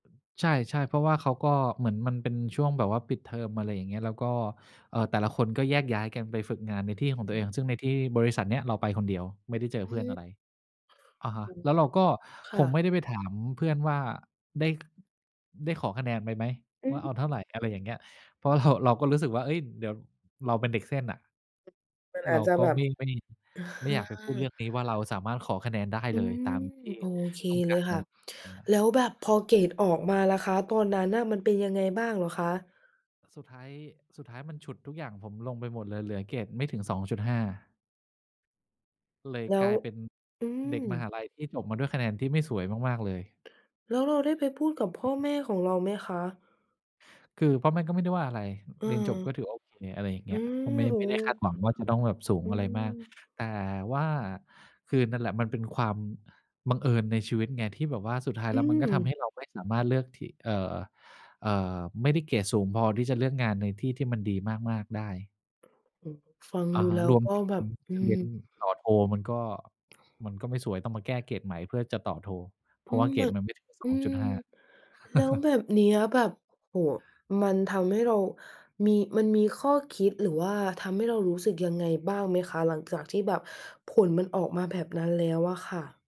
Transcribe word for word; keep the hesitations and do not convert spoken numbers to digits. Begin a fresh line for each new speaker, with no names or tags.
ใช่ ๆ เพราะว่าเขาก็ เหมือนมันเป็นช่วงแบบว่าปิดเทอม อะไรอย่างเงี้ย แล้วก็ เอ่อ แต่ละคนก็แยกย้ายกันไปฝึกงานในท
อ
ี
ื
่
อ
ของตั
ฮ
วเอ
ึ
ง ซึ่งในที่บริษัทเนี้ยเราไปคนเดียว ไม่ได้เจอ
อื
เพื่อนอ
ม
ะไร อะฮ
โ
ะ
อ้
แล้วเราก็
ค
ค
่
ง
ะ
ไม่ได้ไปถามเพื่อนว่า ได้ ได้ขอคะแนนไปไหม
อื
ว่าเอ
ม
าเท่าไร อะไรอย่างเงี้ย เพราะ เรา เราก็รู้สึกว่า เอ๊ย เดี๋ยวเราเป็นเด็กเส้นอะ
มันอ
เร
า
า
จจะ
ก็
แบ
ไ
บ
ม่ ไม่
เอ
ไม่อยากไปพูดเรื่
อ
องนี้ว่าเราสามารถขอคะแนนได้
อ
เ
ื
ลยต
ม
ามที่
โอเค
ต้อง
เล
กา
ย
ร
ค
อะ
่
ไ
ะ
รอย่างเงี้ย
แล้วแบบพอเกรดออกมาล่ะคะ ตอนนั้นน่ะมันเป็นยังไงบ้างเหรอคะ?
สุดท้าย สุดท้ายมันฉุดทุกอย่างผมลงไปหมดเลย เหลือเกรดไม่ถึง สองจุดห้า เลย
แล้
ก
ว
ลายเป็น
อื
เด
ม
็กมหาลัยที่จบมาด้วยคะแนนที่ไม่สวยมาก ๆ เลย
แล้วเราได้ไปพูดกับพ่อแม่ของเราไหมคะ?
คือพ่อแม่ก็ไม่ได้ว่าอะไร
เออ
เรียนจบก็ถือว่าโอเค อะไรอย่างเ
อ
ง
ื
ี้ย
ม
เพราะไม่
โอ้
ไม่ได้คาด
โฮ
หวังว่าจะต้องแบบสูง
อื
อะไรมาก
ม
แต่ว่าคือนั่นแหละมันเป็นความบังเอิญในชีวิตไง ที่แบบว่าสุดท้าย
อ
แ
ื
ล้ว มันก็ทำให
ม
้เราไม่สามารถเลือกที่ เอ่อ เอ่อ ไม่ได้เกรดสูงพอที่จะเลือกงานในที่ที่มันดีมาก ๆ ได้
โอ้โฮ ฟัง
อ
ด
ะ
ู
ฮะ
แล้ว
รวม
ก็
ถึง
แบบ อื
จะเรี
ม
ยนต่อโทมันก็ มันก็ไม่สวย ต้องมาแก้เกรดใหม่เพื่อจะต่อโท เ
อ
พร
ื
าะว่
ม
าเก
ม
รดมันไม่ถึง ส
อื
องจ
ม
ุดห้า
แล้วแบบเนี้ยแบบ โอ้โฮ มันทำให้เรามี มันมีข้อคิด หรือว่าทำให้เรารู้สึกยังไงบ้างไหมคะ? หลังจากที่แบบผลมันออกมาแบบนั้นแล้วอะค่ะ